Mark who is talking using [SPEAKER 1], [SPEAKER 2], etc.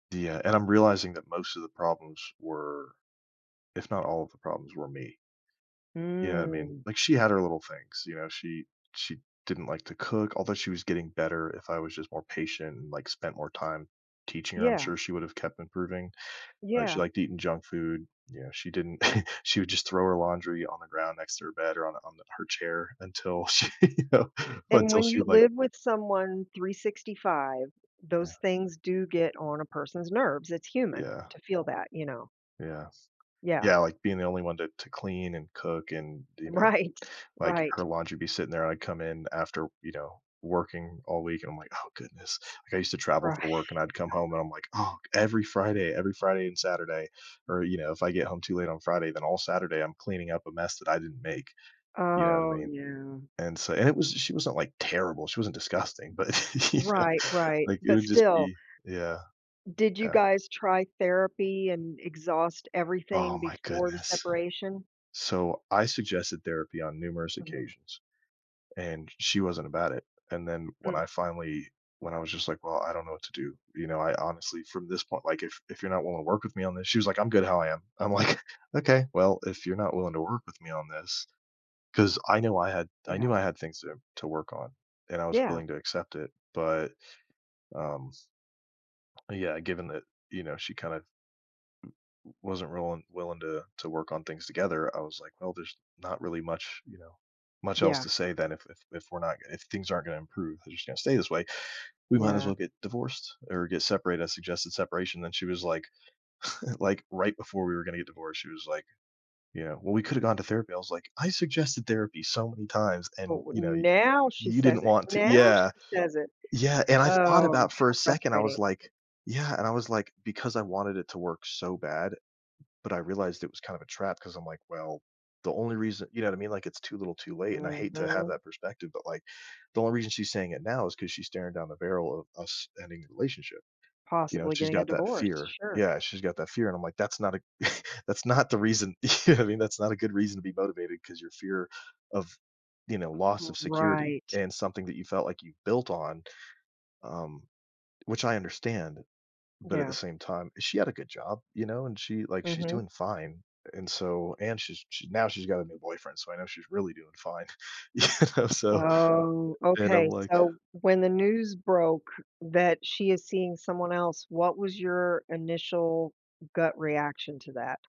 [SPEAKER 1] Yeah, and I'm realizing that most of the problems were if not all of the problems, were me. You know what I mean?
[SPEAKER 2] Mm.
[SPEAKER 1] Like, she had her little things, you know? She she didn't like to cook, although she was getting better. If I was just more patient and, like, spent more time teaching her, I'm
[SPEAKER 2] Yeah.
[SPEAKER 1] sure she would have kept improving. Uh, she
[SPEAKER 2] Yeah.
[SPEAKER 1] liked eating junk food. You know, she didn't she would just throw her laundry on the ground next to her bed or on on the her chair until she, you know
[SPEAKER 2] And,
[SPEAKER 1] until
[SPEAKER 2] when
[SPEAKER 1] she,
[SPEAKER 2] you
[SPEAKER 1] like
[SPEAKER 2] live with someone 365,
[SPEAKER 1] Yeah.
[SPEAKER 2] those things do get on a person's nerves. It's human
[SPEAKER 1] Yeah.
[SPEAKER 2] to feel that, you know?
[SPEAKER 1] Yes.
[SPEAKER 2] Yeah.
[SPEAKER 1] Yeah, like, being the only one to to clean and cook and, you know,
[SPEAKER 2] Right.
[SPEAKER 1] like,
[SPEAKER 2] Right.
[SPEAKER 1] her laundry would be sitting there. I'd come in after, you know, working all week, and I'm like, "Oh goodness." Like, I used to travel
[SPEAKER 2] Right.
[SPEAKER 1] for work, and I'd come home, and I'm like, "Oh, every Friday, every Friday and Saturday." Or, you know, if I get home too late on Friday, then all Saturday I'm cleaning up a mess that I didn't make. You know what I
[SPEAKER 2] Oh,
[SPEAKER 1] mean?
[SPEAKER 2] yeah.
[SPEAKER 1] And, so and it was she wasn't, like, terrible. She wasn't disgusting, but, you know,
[SPEAKER 2] Right, right,
[SPEAKER 1] like, it
[SPEAKER 2] but
[SPEAKER 1] would just
[SPEAKER 2] still
[SPEAKER 1] be Yeah.
[SPEAKER 2] Did you
[SPEAKER 1] Yeah.
[SPEAKER 2] guys try therapy and exhaust
[SPEAKER 1] Oh
[SPEAKER 2] everything
[SPEAKER 1] my
[SPEAKER 2] before the
[SPEAKER 1] goodness.
[SPEAKER 2] separation?
[SPEAKER 1] So, I suggested therapy on numerous
[SPEAKER 2] Mhm.
[SPEAKER 1] occasions, and she wasn't about it. And then when
[SPEAKER 2] Mm.
[SPEAKER 1] I finally when I was just like, "Well, I don't know what to do." You know, I honestly from this point, like, "If if you're not willing to work with me on this," she was like, "I'm good how I am." I'm like, "Okay. Well, if you're not willing to work with me on this." 'Cause I knew I had I
[SPEAKER 2] Yeah.
[SPEAKER 1] knew I had things to im to work on, and I was
[SPEAKER 2] Yeah.
[SPEAKER 1] willing to accept it. But, um Yeah, given that, you know, she kind of wasn't rolling willing to to work on things together, I was like, "Well, there's not really much," you know, "much else
[SPEAKER 2] Yeah.
[SPEAKER 1] to say then if if if we're not if things aren't gonna improve, they're just gonna stay this way. We might as
[SPEAKER 2] Yeah.
[SPEAKER 1] well get divorced or get separated." I suggested separation, and she was like like, right before we were gonna get divorced, she was like, "Yeah. Well, we could've gone to therapy." I was like, "I suggested therapy so many times and,"
[SPEAKER 2] Oh, well
[SPEAKER 1] you know, "y
[SPEAKER 2] now she
[SPEAKER 1] you didn't
[SPEAKER 2] says it.
[SPEAKER 1] want to"
[SPEAKER 2] Now
[SPEAKER 1] Yeah.
[SPEAKER 2] she says it.
[SPEAKER 1] Yeah, and I thought
[SPEAKER 2] Oh,
[SPEAKER 1] about, for a
[SPEAKER 2] how
[SPEAKER 1] second, I was
[SPEAKER 2] frustrating.
[SPEAKER 1] like Yeah. And I was like, because I wanted it to work so bad, but I realized it was kind of a trap 'cause I'm like, "Well, the only reason" you know what I mean? Like, it's too little too late, and I hate to have
[SPEAKER 2] Mhm.
[SPEAKER 1] that perspective, but, like, the only reason she's saying it now is 'cause she's staring down the barrel of us ending the relationship, you know,
[SPEAKER 2] Possibly
[SPEAKER 1] she's
[SPEAKER 2] getting a
[SPEAKER 1] got that
[SPEAKER 2] divorce,
[SPEAKER 1] fear.
[SPEAKER 2] sure.
[SPEAKER 1] Yeah, she's got that fear, and I'm like, "That's not a that's not the reason," you know what I mean, that's not a good reason to be motivated 'cause your fear of, you know, loss of security
[SPEAKER 2] Right.
[SPEAKER 1] and something that you felt like you built on, um, which I understand. But, at the
[SPEAKER 2] Yeah.
[SPEAKER 1] same time, she had a good job, you know, and she like, she's
[SPEAKER 2] Mhm.
[SPEAKER 1] doing fine. And so and she's she's now she's got a new boyfriend, so I know she's really doing fine. You know, so
[SPEAKER 2] Oh,
[SPEAKER 1] and I'm
[SPEAKER 2] okay,
[SPEAKER 1] like
[SPEAKER 2] so when the news broke that she is seeing someone else, what was your initial gut reaction to that?